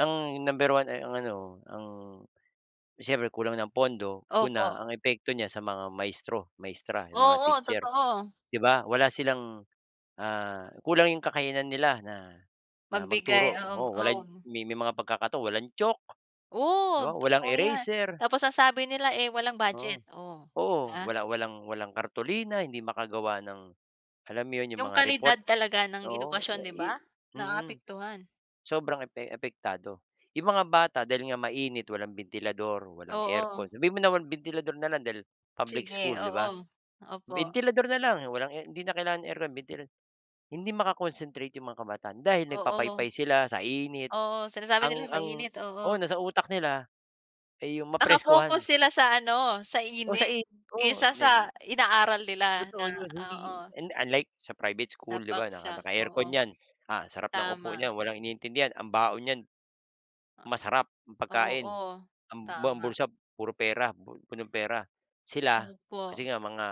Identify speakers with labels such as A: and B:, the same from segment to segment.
A: Ang number 1 ay ang ano, ang siyempre kulang ng pondo. Una,
B: Opo.
A: ang epekto niyan sa mga maestro maestra, yung mga
B: Oo,
A: teacher,
B: totoo.
A: di ba? Wala silang, ah, kulang yung kakayanan nila na, ah,
B: Magbigay,
A: magturo.
B: oo
A: Oo wala
B: oo.
A: may may mga pagkakataong walang chalk, di
B: Oh.
A: ba, walang
B: Totoo 'yan.
A: eraser
B: Tapos ang sabi nila, eh, walang
A: Oo.
B: budget o,
A: Oo.
B: ha.
A: Wala walang walang kartolina, hindi makagawa ng alam mo 'yon, yung
B: Yung
A: mga
B: kalidad
A: report
B: talaga ng
A: Oo.
B: edukasyon,
A: Ah,
B: di
A: i
B: ba?
A: mm.
B: Naapektuhan.
A: Sobrang epe apektado. Yung mga bata dahil nga mainit, walang bentilador, walang
B: Oo.
A: aircon sabihin mo naman bentilador na lang dahil public
B: Sige,
A: school, di ba?
B: oo. Opo.
A: Bentilador na lang walang air hindi na kailangan aircon, bentil hindi maka-concentrate yung mga kabataan dahil
B: Oo.
A: nagpapaypay sila sa init.
B: Oo. Sinasabi
A: Ang
B: nila
A: ang
B: mainit.
A: oo,
B: Oo.
A: nasa utak nila ay yung
B: Nakafocus
A: mapreskohan.
B: sila sa ano, sa
A: O sa
B: init
A: i oo
B: kaysa
A: ne
B: sa inaaral nila na
A: Totoo yun, hindi
B: oo.
A: hindi unlike sa private
B: Na
A: school, 'di ba 'no, naka
B: paksa,
A: naka-aircon
B: oo.
A: 'yan. Ah, ang sarap ng upo
B: Tama.
A: niyan, walang iniintindi 'yan, ang baon niyan, masarap yung
B: Oo,
A: pagkain.
B: oo.
A: Um ang buong
B: Tama.
A: bulsa puro pera, puno ng pera. Sila,
B: Opo.
A: kasi nga mga,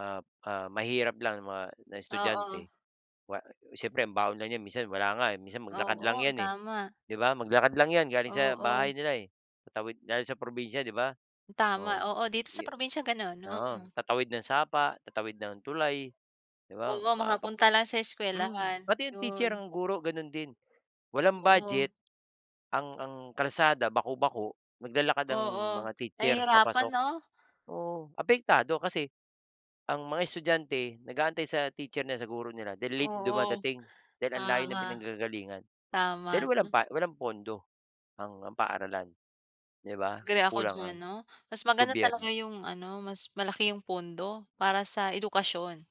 A: ah ah, mahirap lang na mga na
B: Oo.
A: estudyante, wa siyempre ang baon lang 'yan minsan wala nga, eh, minsan maglakad lang
B: Oo,
A: 'yan, eh.
B: tama.
A: 'Di ba, maglakad lang 'yan galing sa
B: Oo.
A: bahay nila, eh. Tatawid dahil sa probinsiya, di ba?
B: Tama.
A: Oo
B: Oo, dito sa
A: yu
B: probinsya gano'n,
A: oo.
B: mm.
A: Tatawid ng sapa, tatawid ng tulay, di ba
B: Oo,
A: mapap
B: makapunta lang sa
A: mm,
B: eskuwelahan,
A: pati yung teacher,
B: 'yon.
A: ang guro ganun din. Walang
B: Oo.
A: budget ang ang kalsada baku-bako, naglalakad ang
B: Oo.
A: mga teacher,
B: Nahihirapan
A: papasok.
B: 'no?
A: Oo, apektado kasi ang mga estudyante nag-aantay sa teacher nila, sa guro nila then late
B: Oo.
A: dumadating dahil ang layo ng
B: Tama,
A: pinanggagalingan
B: tama
A: dahil walang
B: 'no.
A: pa walang pondo ang ang paaralan. 'Di ba?
B: Agree ako
A: Kulang
B: diyan
A: ang
B: 'no, mas maganda
A: gobyerno.
B: talaga yung ano mas malaki yung pondo, para sa edukasyon.